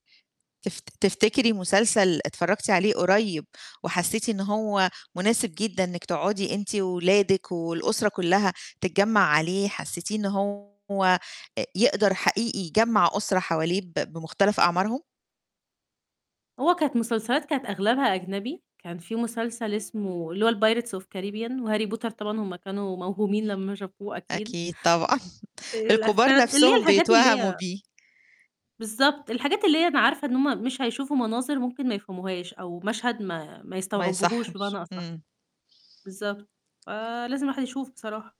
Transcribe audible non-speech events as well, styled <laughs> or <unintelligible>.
تف تفتكري مسلسل اتفرجتِ عليه قريب، وحسيتِ إن هو مناسب جدًا إنِك تقعدي أنتِ وأولادك والأُسرة كلّها تتجمع عليه، حسيتيه إن هو أ يقدر حقيقي يجمع أُسرة حواليه ب بمختلف أعمارهم؟ هو كانت مسلسلات كانت أغلبها أجنبي، كان في مسلسل اسمه اللي هو الPirates of Caribbean وHarry Potter طبعًا، هم كانوا موهومين لمّا شافوه أكيد. أكيد طبعًا، آآ <laughs> الكبار <unintelligible> اللي هي نفسهم الحاجات اللي بيتوهموا هي بيه. بالضبط الحاجات اللي هي أنا عارفة إن هم مش هيشوفوا مناظر ممكن ما يفهموهاش، أو مشهد ما ما ما يستوعبوهوش بمعني يصحش، أصح، امم. بالضبط، ف لازم الواحد يشوف بصراحة.